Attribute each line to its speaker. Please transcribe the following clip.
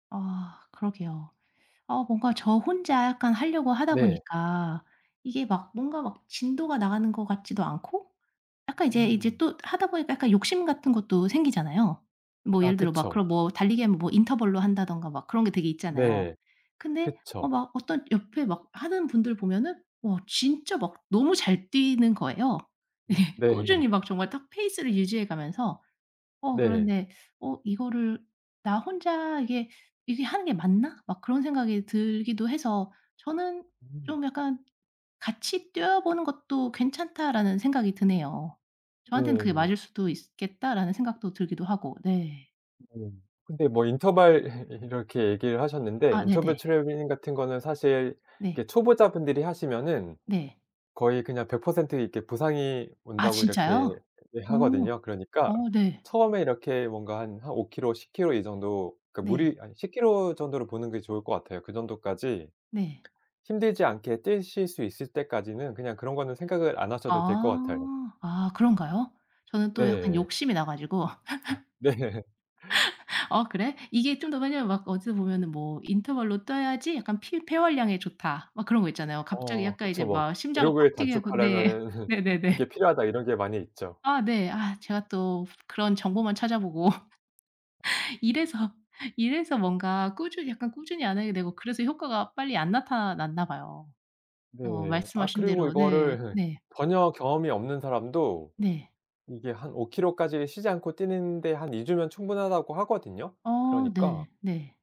Speaker 1: 아 그러게요. 아 뭔가 저 혼자 약간 하려고 하다
Speaker 2: 네.
Speaker 1: 보니까 이게 막 뭔가 막 진도가 나가는 것 같지도 않고 약간 이제 이제
Speaker 2: 음.
Speaker 1: 또 하다 보니까 약간 욕심 같은 것도 생기잖아요. 뭐
Speaker 2: 아
Speaker 1: 예를 들어 막
Speaker 2: 그쵸.
Speaker 1: 그런 뭐 달리기하면 뭐 인터벌로 한다든가 막 그런 게 되게 있잖아요.
Speaker 2: 네.
Speaker 1: 근데 어
Speaker 2: 그쵸.
Speaker 1: 막 어떤 옆에 막 하는 분들 보면은 와 진짜 막 너무 잘 뛰는 거예요. 예.
Speaker 2: 음. 네.
Speaker 1: 꾸준히 막 정말 탁 페이스를 유지해 가면서 어
Speaker 2: 네.
Speaker 1: 그런데 '어 이거를 나 혼자 이게, 이게 하는 게 맞나?' 막 그런 생각이 들기도 해서 저는
Speaker 2: 음.
Speaker 1: 좀 약간 같이 뛰어보는 것도 괜찮다라는 생각이 드네요. 저한테는 그게
Speaker 2: 네.
Speaker 1: 맞을 수도 있으 겠다라는 생각도 들기도 하고 네.
Speaker 2: 네. 근데 뭐 인터벌 이 이렇게 얘기를 하셨는데
Speaker 1: 아
Speaker 2: 인터벌
Speaker 1: 네네.
Speaker 2: 트레이닝 같은 거는 사실
Speaker 1: 네.
Speaker 2: 이렇게 초보자분들이 하시면은
Speaker 1: 네.
Speaker 2: 거의 그냥 100% 이렇게 부상이
Speaker 1: 아
Speaker 2: 온다고 이렇게
Speaker 1: 진짜요? 어.
Speaker 2: 얘기하거든요. 그러니까
Speaker 1: 어 네.
Speaker 2: 처음에 이렇게 뭔가 한 5km, 10km 이 정도 그러니까
Speaker 1: 네.
Speaker 2: 무리 아니 10km 정도로 보는 게 좋을 것 같아요. 그 정도까지
Speaker 1: 네.
Speaker 2: 힘들지 않게 뛰실 수 있을 때까지는 그냥 그런 거는 생각을 안 하셔도 될 것 같아요.
Speaker 1: 아. 아 그런가요? 저는 또 약간
Speaker 2: 네.
Speaker 1: 욕심이 나 가지고.
Speaker 2: 네.
Speaker 1: '어 그래?' 이게 좀 더 왜냐하면 막 어디서 보면은 뭐 "인터벌로 뛰어야지 약간 피 폐활량에 좋다." 막 그런 거 있잖아요. 갑자기
Speaker 2: 어어
Speaker 1: 약간 이제
Speaker 2: 그쵸. 뭐
Speaker 1: 막 심장을
Speaker 2: "기록을
Speaker 1: 빡 뛰게 하고 네.
Speaker 2: 단축하려면은
Speaker 1: 네네네.
Speaker 2: 이게 필요하다." 이런 게 많이 있죠.
Speaker 1: 아 네. 아 제가 또 그런 정보만 찾아보고. 이래서 이래서 뭔가 꾸준히 약간 꾸준히 안 하게 되고 그래서 효과가 빨리 안 나타났나 봐요. 어
Speaker 2: 네. 아
Speaker 1: 말씀하신
Speaker 2: 그리고
Speaker 1: 대로 네
Speaker 2: 이거를
Speaker 1: 네.
Speaker 2: 전혀 경험이 없는 사람도
Speaker 1: 네.
Speaker 2: 이게 한 5km 까지 쉬지 않고 뛰는 데 한 2 주면 충분하다고 하거든요.
Speaker 1: 어
Speaker 2: 그러니까
Speaker 1: 네. 네.